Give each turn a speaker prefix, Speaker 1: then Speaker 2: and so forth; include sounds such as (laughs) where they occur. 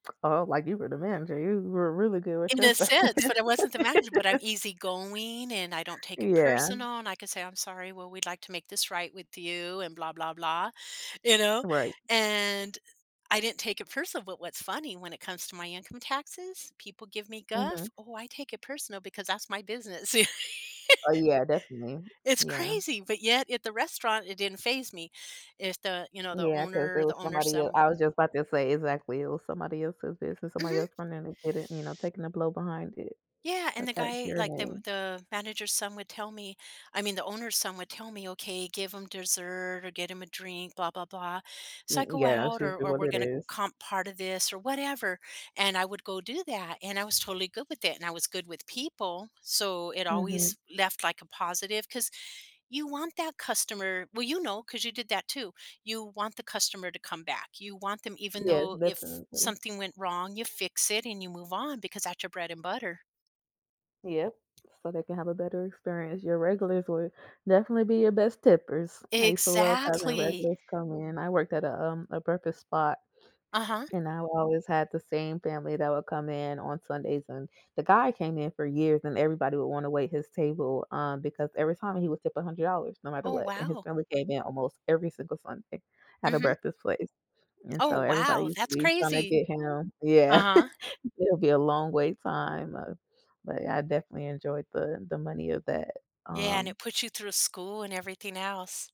Speaker 1: (clicks tongue) Oh, like you were the manager, you were really good with
Speaker 2: In the
Speaker 1: just the
Speaker 2: sense,
Speaker 1: (laughs)
Speaker 2: but I wasn't the manager, but I'm easygoing, and I don't take it
Speaker 1: Yeah.
Speaker 2: personal, and I can say, "I'm sorry, well, we'd like to make this right with you," and blah blah blah, you know,
Speaker 1: Right.
Speaker 2: and I didn't take it personal, but what's funny when it comes to my income taxes, people give me guff,
Speaker 1: Mhm.
Speaker 2: oh, I take it personal because that's my business. You
Speaker 1: Oh, yeah, definitely.
Speaker 2: It's
Speaker 1: Yeah.
Speaker 2: crazy, but yet at the restaurant, it didn't faze me. If the, you know, the
Speaker 1: Yeah, 'cause
Speaker 2: owner
Speaker 1: it
Speaker 2: the
Speaker 1: was
Speaker 2: owner's
Speaker 1: somebody e and
Speaker 2: son
Speaker 1: I was just about to say, exactly, it was somebody else's business, somebody
Speaker 2: Mhm.
Speaker 1: else trying to get it, you know, taking a blow behind it,
Speaker 2: Yeah, and
Speaker 1: but
Speaker 2: the
Speaker 1: that's
Speaker 2: guy
Speaker 1: your
Speaker 2: like, the
Speaker 1: name.
Speaker 2: the manager's son would tell me I mean, the owner's son would tell me, "Okay, give him dessert or get him a drink," blah blah blah,
Speaker 1: M
Speaker 2: so
Speaker 1: mm,
Speaker 2: I go
Speaker 1: yeah, that's
Speaker 2: out or
Speaker 1: usually
Speaker 2: or
Speaker 1: what
Speaker 2: we're
Speaker 1: it
Speaker 2: gonna
Speaker 1: is.
Speaker 2: comp part of this or whatever, and I would go do that, and I was totally good with it, and I was good with people, so it always
Speaker 1: Mhm.
Speaker 2: left, like, a positive 'cause you want that customer well, you know, 'cause you did that too you want the customer to come back, you want them even
Speaker 1: Yes,
Speaker 2: though if
Speaker 1: definitely.
Speaker 2: something went wrong, you fix it and you move on because that's your bread and butter.
Speaker 1: Yes, so they can have a better experience. Your regulars would definitely be your best tippers. I used to love having
Speaker 2: Exactly.
Speaker 1: regulars come in. I worked at a, um, a breakfast spot,
Speaker 2: Uh-huh.
Speaker 1: and I would always have the same family that would come in on Sundays, and, the guy came in for years, and everybody would wanna wait his table, um, because every time he would tip $100 no matter
Speaker 2: Oh,
Speaker 1: what, and his
Speaker 2: wow.
Speaker 1: family came in almost every single Sunday at a
Speaker 2: Mhm.
Speaker 1: breakfast place, and
Speaker 2: Oh,
Speaker 1: so, everybody
Speaker 2: wow,
Speaker 1: used to
Speaker 2: that's
Speaker 1: be trying to
Speaker 2: crazy.
Speaker 1: get him yeah,
Speaker 2: Uh-huh.
Speaker 1: (chuckles) it'll be a long wait time, uh, but I definitely enjoyed the the money of that,
Speaker 2: Yeah, and
Speaker 1: um
Speaker 2: it puts you through school and everything else.